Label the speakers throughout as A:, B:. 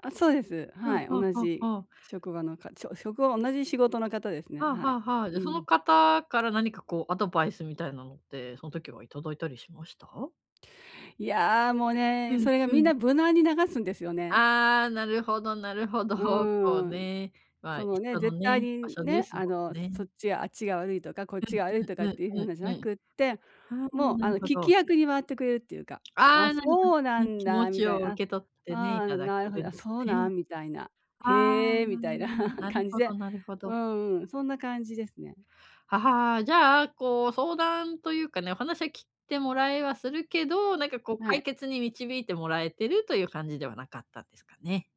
A: あ、そうです、
B: は、
A: はい、
B: は、
A: 同
B: は、は
A: じ
B: あ。
A: 職場の課長職は同じ仕事の方ですね、
B: はあ
A: は
B: は
A: い。
B: あはあ、じ
A: う
B: ゃその
A: ん。
B: 方から何かこうアドバイスみたいなのって、そん時はいただいたりしました？
A: いや、もう
B: う
A: ね、
B: ん、
A: それが
B: う
A: みん
B: ん。
A: な無難に流すんですよね。
B: ああ、なるほど、なるほど、
A: う
B: そう
A: ーん。
B: ね、まあ、
A: そのね、
B: 人の
A: 絶対
B: ね、場
A: に
B: 所で
A: ね、
B: す
A: あ
B: も
A: の、
B: んね。
A: そっちがあっちが悪いとか、こっちが悪いと
B: う
A: かっ
B: ん、うん、
A: ていう
B: うん、
A: 風なじ
B: うん、
A: ゃな
B: うん。
A: くって、
B: はあ、
A: もう、
B: な
A: あ
B: る
A: の、
B: ほ
A: 聞き
B: ど。
A: 役に回ってくれるっていうか、
B: あ
A: 「あ、
B: あ、なんか、
A: そうな
B: き
A: ん
B: 気持
A: だ」み
B: ち
A: た
B: を
A: いな、
B: 受
A: 「あ、
B: け取ってね、
A: あ
B: いた
A: あ、
B: だけ
A: なるほ
B: る
A: ど、
B: ん
A: あ、
B: です
A: そう
B: ね。
A: なん？」みたいな、
B: ああ、
A: 「へえ」み
B: な
A: たいな
B: ん なる
A: 感じ
B: ほど、
A: で、
B: なるほ
A: う
B: ど。
A: ん、そんな感じですね。
B: ははあ、じゃあこう、相談というかね、お話はき、てもらえはするけど、なんかこう
A: は
B: 解
A: い。
B: 決に導いてもらえてるという感じではなかったんですかね。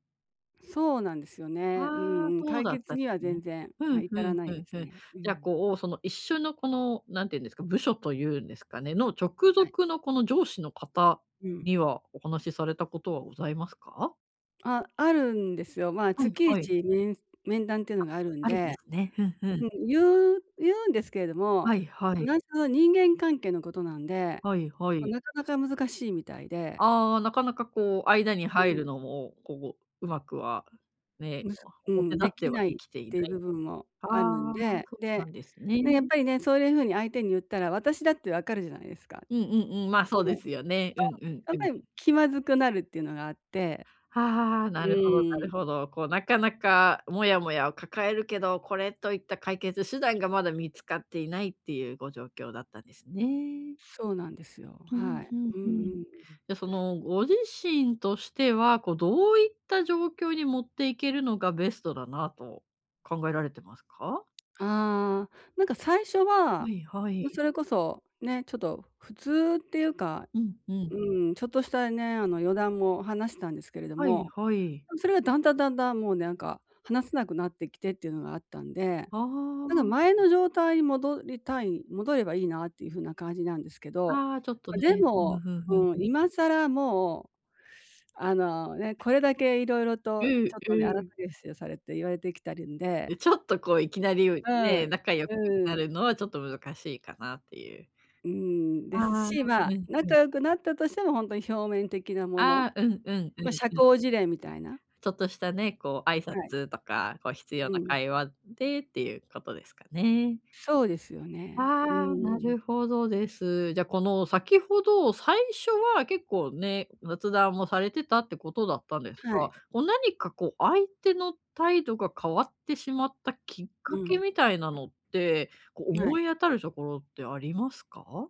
A: そうなんですよね、う
B: はあ、
A: んうん、
B: そう
A: 解
B: だっ
A: 決
B: たんで
A: には
B: すね。
A: 全然、
B: ふ
A: あ、
B: ん、ふ
A: 至ら
B: ん、
A: な
B: ふ
A: いで
B: ん、ふ
A: す
B: ん。
A: ね、う
B: じゃあ
A: ん。
B: こう、その一緒のこの、なんて言うんですか、部署というんですかねの、直
A: はい。
B: 属のこの上司の方
A: うん。
B: にはお話しされたことはございますか？
A: あ、あるんですよ、ま、
B: は
A: つ
B: い、
A: きい
B: はい。
A: ちめん面談っての
B: あ、
A: があるん
B: あるんで
A: で、
B: すね。ふん、ふ
A: う
B: ん。
A: ん、ゆうゆうんですけれども、
B: はい、はい。
A: 同じその、人間関係のことなんで、
B: はい、は
A: ま、
B: い。
A: なかなか難しいみたいで
B: ああ、なかなかこう間に
A: う
B: 入る
A: ん。
B: のもこう、うまくはね、
A: むず
B: あ、
A: う
B: 表
A: ん、
B: 立
A: で
B: って
A: き
B: は
A: ない
B: で
A: っ
B: きていな
A: て部
B: い。
A: 分も
B: あ
A: あるん
B: あ、
A: で、
B: そ、な
A: で、
B: んですね。
A: ね、やっぱりね、そういう風に相手にゆったら、私だってわかるじゃないですか。
B: うん、うん、うん、まあ、そ
A: ほ
B: う
A: ぼ、
B: で
A: と
B: すよね。うん、うん、
A: やっ
B: う
A: ぱ
B: ん。
A: り気まずくなるっていうのがあって。
B: はあ、
A: う
B: なるほど、な
A: ー
B: る
A: ん。
B: ほど。こう、なかなかモヤモヤを抱えるけど、これといった解決手段がまだ見つかっていないっていうご状況だったんですね。
A: そうなんですよ、
B: ふ
A: は
B: ん、
A: い。
B: ふん、
A: うん
B: ふ
A: う
B: ん。
A: ん
B: じ
A: うん。
B: ゃその、ご自身としては、こう、どういった状況に持っていけるのがベストだなと考えられてますか？
A: ああ、なんか最初
B: は
A: は、
B: い、は
A: ま、
B: い。
A: それこそ、ね、ちょっと、普通っていうか、
B: うん、うん。
A: うん、ちょっとしたね、あの、余談も話したんですけれど
B: は
A: も、
B: い、
A: も
B: はい。
A: うそれがだんだんだんだんもうなんか話せなくなってきてっていうのがあったんで、
B: あ
A: なんか
B: あ。
A: 前の状態に戻りたい戻ればいいなっていう風な感じなんですけど、
B: ああ、ちょっと
A: ま、で
B: ね。ふん
A: も
B: ふんふん、
A: う
B: ふ。
A: ん、今更もう、あの、ね、これだけ色々
B: う
A: とち
B: ん、
A: ょっとね、あ
B: う
A: らさ
B: ん。
A: げしをされて言われてきてるんで
B: で、ちょっとこういきなり、う
A: う
B: ね、
A: ん、
B: 仲良く
A: う
B: なる
A: ん。
B: のはちょっと難しいかなっていう
A: うーん、
B: あ
A: です
B: あ、
A: し、ま
B: う
A: あ、
B: ん、う
A: 仲
B: ん。
A: 良くなったとしてもほんとに表面的なもの、
B: ああ、うん、うん、うん、う
A: ま、
B: ん。
A: 社交辞令みたいな。
B: ちょっとしたね、こう挨
A: はい。
B: 拶とか、こう必要
A: う
B: な
A: ん。
B: 会話でっていうことですかね。
A: そうですよね。う
B: ああ、な
A: ーん。
B: るほどです。じゃこの、先ほど、最初は結構ね、雑談もされてたってことだったんです
A: は
B: が、
A: い。
B: こ、何か、こ、相手の態度が変わってしまったきっ
A: う
B: かけ
A: ん。
B: みたいなのって、こ、
A: は
B: 思
A: い。
B: い当たるところってありますか？